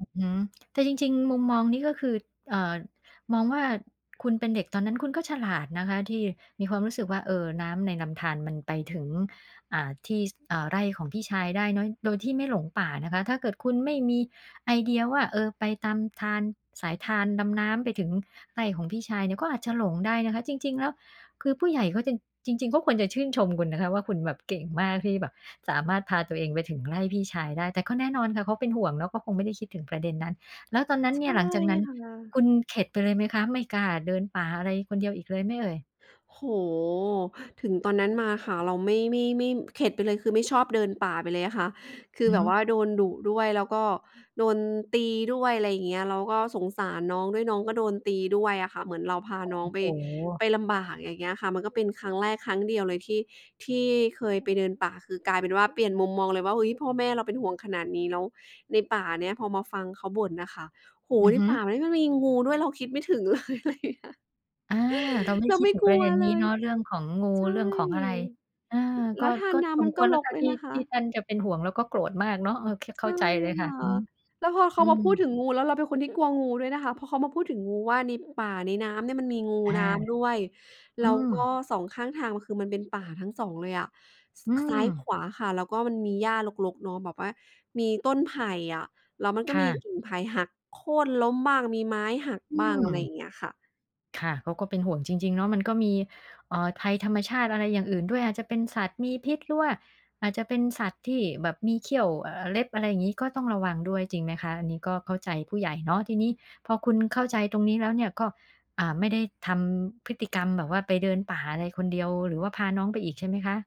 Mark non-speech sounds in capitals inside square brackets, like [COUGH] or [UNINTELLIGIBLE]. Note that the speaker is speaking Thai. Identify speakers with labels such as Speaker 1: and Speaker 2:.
Speaker 1: อือฮึ แต่จริง ๆ มุมมองนี้ก็คือ เอ่อ มองว่า คุณเป็นเด็กตอนนั้น คุณก็ฉลาดนะคะที่มีความรู้สึกว่า เอ่อ น้ำในลำธารมันไปถึง อ่า ที่ ส อ่า ไร่ของพี่ชายได้เนาะ โดยที่ไม่หลงป่านะคะ ถ้าเกิดคุณไม่มีไอเดียว่า เอ่อ ไปตามธาร สายธาร ลำน้ำไปถึงไร่ของพี่ชายเนี่ย ก็อาจจะหลงได้นะคะ จริง ๆ แล้ว คือผู้ใหญ่เขาจึน จริง ๆ เขาควรจะชื่นชมคุณนะคะว่า คุณแบบเก่งมากที่แบบสามารถพาตัวเองไปถึง ไร่พี่ชายได้ แต่ก็แน่นอนค่ะ เขาเป็นห่วงเนาะ เขาคงไม่ได้คิดถึงประเด็นนั้น แล้วตอนนั้น
Speaker 2: ใช
Speaker 1: เนี่
Speaker 2: ่
Speaker 1: ย หลังจากนั้น
Speaker 2: ค่ะ
Speaker 1: คุณเข็ดไปเลยไหมคะ? ไม่กล้าเดินป่าอะไรคนเดียวอีกเลยไหมเอ่ย?
Speaker 2: โอ้โฮ ถึงตอนนั้นมาค่ะ เราไม่ ไม่ มี่ม เข็ดไปเลย คือไม่ชอบเดินป่าไปเลยอะค่ะ คื
Speaker 1: อ
Speaker 2: อ
Speaker 1: ือ
Speaker 2: แบ
Speaker 1: ฮ
Speaker 2: บ
Speaker 1: ึ
Speaker 2: ว่าโดนดุด้วย แล้วก็โดนตีด้วย ไรเงี้ย แล้วก็สงสารน้องด้วย น้องก็โดนตีด้วยอะค่ะ เหมือนเราพาน้องไป
Speaker 1: [UNINTELLIGIBLE] โฉ
Speaker 2: ไปลำบาก อย่างเงี้ยค่ะ มันก็เป็นครั้งแรกครั้งเดียวเลยที่ ที่เคยไปเดินป่า คือกลายเป็นว่า เปลี่ยนมุมมองเลยว่า เฮ้ย พ่อแม่เราเป็นห่วง ขนาดนี้ แล้วในป่าเนี้ย พอมาฟังเขาบ่นน่ะค่ะ โอ้โ
Speaker 1: อ
Speaker 2: ฮ
Speaker 1: ือ
Speaker 2: ใน
Speaker 1: ฮึ
Speaker 2: ป่ามันก็มีงูด้วย เราคิดไม่ถึง เลย ไรเงี้ย
Speaker 1: อา เราไม่ได
Speaker 2: เ
Speaker 1: ้
Speaker 2: รา
Speaker 1: คิด
Speaker 2: ไม่
Speaker 1: ถึ
Speaker 2: ก
Speaker 1: งป
Speaker 2: ล
Speaker 1: ร
Speaker 2: ั
Speaker 1: ะเ
Speaker 2: ว
Speaker 1: ด็นน
Speaker 2: เ
Speaker 1: ี้
Speaker 2: ล
Speaker 1: เ
Speaker 2: ย
Speaker 1: นาะ เรื่องของงู
Speaker 2: ใช
Speaker 1: เร
Speaker 2: ่
Speaker 1: ื่องของอะไร อา
Speaker 2: แ
Speaker 1: ก
Speaker 2: ล
Speaker 1: ็
Speaker 2: ้วทา
Speaker 1: ก
Speaker 2: น
Speaker 1: ็
Speaker 2: นา
Speaker 1: ส
Speaker 2: มั
Speaker 1: ม
Speaker 2: น
Speaker 1: ค
Speaker 2: ก็
Speaker 1: วรแล้
Speaker 2: ร
Speaker 1: วค
Speaker 2: ก
Speaker 1: ่ะ
Speaker 2: ด้ว
Speaker 1: ท
Speaker 2: ย
Speaker 1: ี่
Speaker 2: นะค
Speaker 1: ท
Speaker 2: ะ
Speaker 1: ี่ท่านจะเป็นห่วงแล้วก็โกรธมากเนาะ โอเค
Speaker 2: ใ
Speaker 1: เ
Speaker 2: ช
Speaker 1: ข้
Speaker 2: ่
Speaker 1: าใจเลย
Speaker 2: ค
Speaker 1: ค่ะ
Speaker 2: ่ะ
Speaker 1: อือฮึ
Speaker 2: แล้วพอเข
Speaker 1: อื
Speaker 2: ามาพูด
Speaker 1: อ
Speaker 2: ถึงงู แล้วเราเป็นคนที่กลัวงูด้วยนะคะ พอเขามาพูดถึงงูว่า ในป่า ในน้ำเนี่ยมันมีงู
Speaker 1: อา
Speaker 2: น้ำด้วย แ
Speaker 1: อ
Speaker 2: ล
Speaker 1: ื
Speaker 2: ้วก็
Speaker 1: ม
Speaker 2: 2 ข้างทางม่ะ คือมันเป็นป่าทั้ง 2 เลยอะ ส
Speaker 1: อื
Speaker 2: ข ซ้าย-ข
Speaker 1: ม
Speaker 2: วาค่ะ แล้วก็มันมีหญ้ารก ๆ เนาะ แบบว่ามีต้นไผ่อะ แล้วมัน
Speaker 1: ค
Speaker 2: ก็
Speaker 1: ่
Speaker 2: มี
Speaker 1: ะ
Speaker 2: กิ่งไผ่หักโค่นล้มบ้าง มีไม้หัก
Speaker 1: อื
Speaker 2: บ้าง อะไรอย่
Speaker 1: ม
Speaker 2: างเงี้ยค่ะ
Speaker 1: ค่ะ เขาก็เป็นห่วงจริง ๆ เนาะ มัน ก็มี เอ่อ ภัยธรรมชาติอะไรอย่างอื่นด้วย อาจจะเป็นสัตว์มีพิษ หรือว่าอาจจะเป็นสัตว์ที่แบบมีเขี้ยว เอ่อ เล็บ อะไรงี้ ก็ต้องระวังด้วย จริงไหมคะ? อันนี้ก็เข้าใจผู้ใหญ่เนาะ ทีนี้พอคุณ เข้าใจตรงนี้แล้วเนี่ยก็ อ่า ไม่ได้ทำพฤติกรรมแบบว่าไปเดินป่าอะไรคนเดียว หรือว่าพาน้องไปอีก ใช่ไหมคะ?